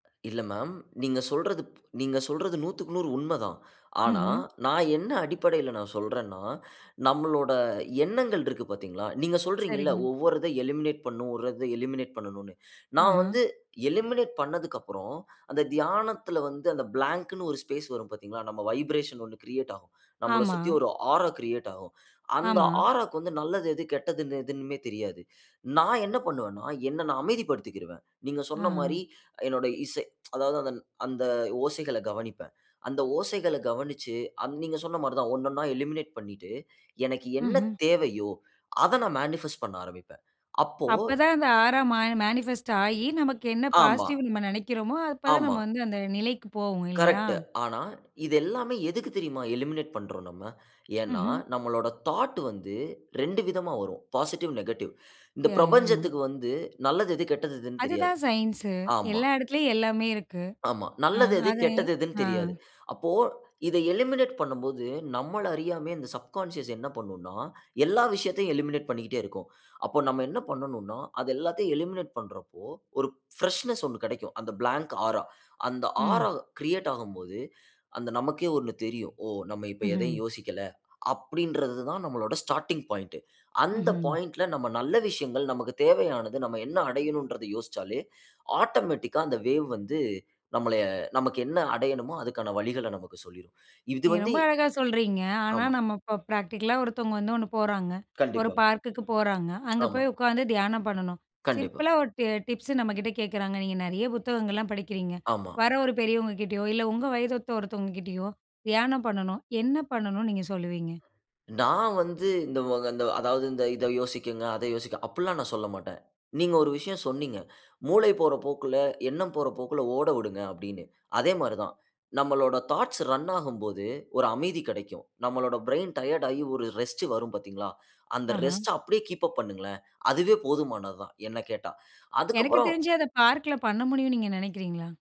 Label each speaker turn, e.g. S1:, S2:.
S1: இல்ல மேம். நீங்க சொல்றது ப் நீங்க சொல்றது 100க்கு 100 உண்மை தான். ஆனா
S2: ம்ஹ்ம்.
S1: நான் என்ன அடிப்படையில நான் சொல்றேன்னா, நம்மளோட எண்ணங்கள் இருக்கு பார்த்தீங்களா? நீங்க சொல்றீங்கள்ல,
S2: சரிங்க.
S1: ஒவ்வொரு இத எலிமினேட் பண்ணும், ஒர்றத எலிமினேட் பண்ணனும்னு, நான்
S2: ஆஹ.
S1: வந்து எலிமினேட் பண்ணதுக்கப்புறம், அந்த தியானத்தில வந்து அந்த பிளாங்க்னு ஒரு ஸ்பேஸ் வரும். பார்த்தீங்களா? நம்ம வைப்ரேஷன் 1 கிரியேட் ஆகும். நம்மள
S2: ஆமா.
S1: சுத்தி ஒரு ஆரா கிரியேட் ஆகும். அந்த
S2: ஆமா.
S1: ஆராக்கு வந்து நல்லது எது, கெட்டதுன்னு எதுன்னுமே தெரியாது. நான் என்ன பண்ணுவன்னா, என்னை நான் அமைதிப்படுத்திக்கிருவேன். நீங்க
S2: ஆ,
S1: சொன்ன மாரி
S2: ஆ.
S1: என்னுடைய இசை அதாவது அதன் அந்த ஓசைகளை கவனிப்பேன். அந்த ஓசைகளை கவனிச்சு அன் நீங்க சொன்ன மாரி தான், ஒண்ணொண்ணா எலிமினேட் பண்ணிட்டு, எனக்கு என்ன
S2: ம்ஹ்ம்.
S1: தேவையோ அத நான் மேனிஃபெஸ்ட் பண்ண ஆரம்பிப்பேன். அப்போ
S2: அப்ப தான் அந்த ஆரா மா மேனிஃபெஸ்ட் ஆகி, நமக்கு என்ன
S1: ஆமா.
S2: பாசிட்டிவ் நம்ம நினைக்கிறோமோ அப்போ தான்,
S1: ஆமா.
S2: நம்ம வந்து அந்த நிலைக்கு போவோம். இல்லையா!
S1: கரெக்ட்டு. ஆனா இது எல்லாமே எதுக்கு தெரியுமா எலிமினேட் பண்றோம், நம்ம? ஏன்னா
S2: ம்ஹ்ம்.
S1: நம்மளோட தாட் வந்து 2 விதமா வரும், பாசிட்டிவ், நெகட்டிவ். இந்த
S2: யா, யா.
S1: பிரபஞ்சத்துக்கு வந்து நல்லது எது, கெட்டது எதுன்னு தெரியாது.
S2: அதுதான் சயின்ஸு.
S1: ஆமா.
S2: எல்லா இடத்துலயும் எல்லாமே இருக்கு.
S1: ஆமா.
S2: ஆ.
S1: நல்லது எது,
S2: அதை
S1: கெட்டது எதுன்னு
S2: ஆ.
S1: தெரியாது. அப்போ இதை எலிமினேட் பண்ணும்போது, நம்மள அறியாமயே இந்த சப்கான்ஷியஸ் என்ன பண்ணும்ன்னா, எல்லா விஷயத்தையும் எலிமினேட் பண்ணிக்கிட்டே இருக்கும். அப்ப நம்ம என்ன பண்ணனும்னா, அது எல்லாத்தையும் எலிமினேட் பண்றப்போ, ஒரு பிரஷ்னெஸ் 1 கிடைக்கும். அந்த பிளாங்க் ஆரா, அந்த ஆரா
S2: ம்.
S1: கிரியேட் ஆகும் போது, அந்த நமக்கே 1 தெரியும். "ஓ! நம்ம இப்ப எதையும்
S2: ம்ஹ்ம்.
S1: யோசிக்கல." அப்படின்றது தான் நம்மளோட ஸ்டார்ட்டிங் பாயிண்ட். அந்த
S2: ம்ஹ்ம்.
S1: பாயிண்ட்ல நம்ம நல்ல விஷயங்கள், நமக்கு தேவையானது, நம்ம என்ன அடையனும்ன்றது யோசிச்சாலே, ஆட்டோமேட்டிக்கா அந்த வேவ் வந்து நம்மளைய நமக்கு என்ன அடையனுமோ, அதுக்கான வழிகளை நமக்கு சொல்லிரும். இது
S2: நீங்க
S1: வந்து
S2: ரொம்ப அழகா சொல்றீங்க. ஆனா
S1: ஆமா.
S2: நம்ம இப்போ பிராக்டிக்கலா ஒருத்தவங்க வந்து 1 போறாங்க. ஒரு
S1: கண்டிப்பா.
S2: பார்க்குக்கு போறாங்க. அங்க
S1: ஆமா.
S2: போய் உட்காந்து தியானம் பண்ணணும்.
S1: கண்டிப்பா.
S2: சிம்பிளா ஒரு டி டிப்ஸ் நம்ம கிட்ட கேட்குறாங்க. நீங்க நிறைய புத்தகங்கள்லாம் படிக்கிறீங்க.
S1: ஆமா.
S2: வர ஒரு பெரியவங்க கிட்டயோ, இல்ல உங்க வயது ஒத்த ஒருத்தவங்க கிட்டயோ, தியானம் பண்ணனும் என்ன பண்ணனும்னு நீங்க சொல்லுவீங்க?
S1: நான் வந்து இந்த வ அந்த அதாவது இந்த இதை யோசியுங்க, அதை யோசிக்க அப்படில்லாம் நான் சொல்லமாட்டேன். நீங்க ஒரு விஷயம் சொன்னீங்க. "மூளை போற போக்குல, எண்ணம் போற போக்கில ஓட விடுங்க." அப்படின்னு. அதே மாரி தான், நம்மளோட தாட்ஸ் ரன் ஆகும் போது, ஒரு அமைதி கிடைக்கும். நம்மளோட பிரெயின் டயர்ட் ஆகி ஒரு ரெஸ்ட் வரும், பார்த்தீங்களா? அந்த
S2: ஆஹ.
S1: ரெஸ்ட்ட அப்படியே கீப் அப் பண்ணுங்களேன். அதுவே போதுமானதுதான், என்னை கேட்டா.
S2: எனக்கு
S1: அதுக்கப்புறம்
S2: தெரிஞ்சு அத பார்க்கில பண்ண முடியும்னு நீங்க நினைக்கிறீங்களா?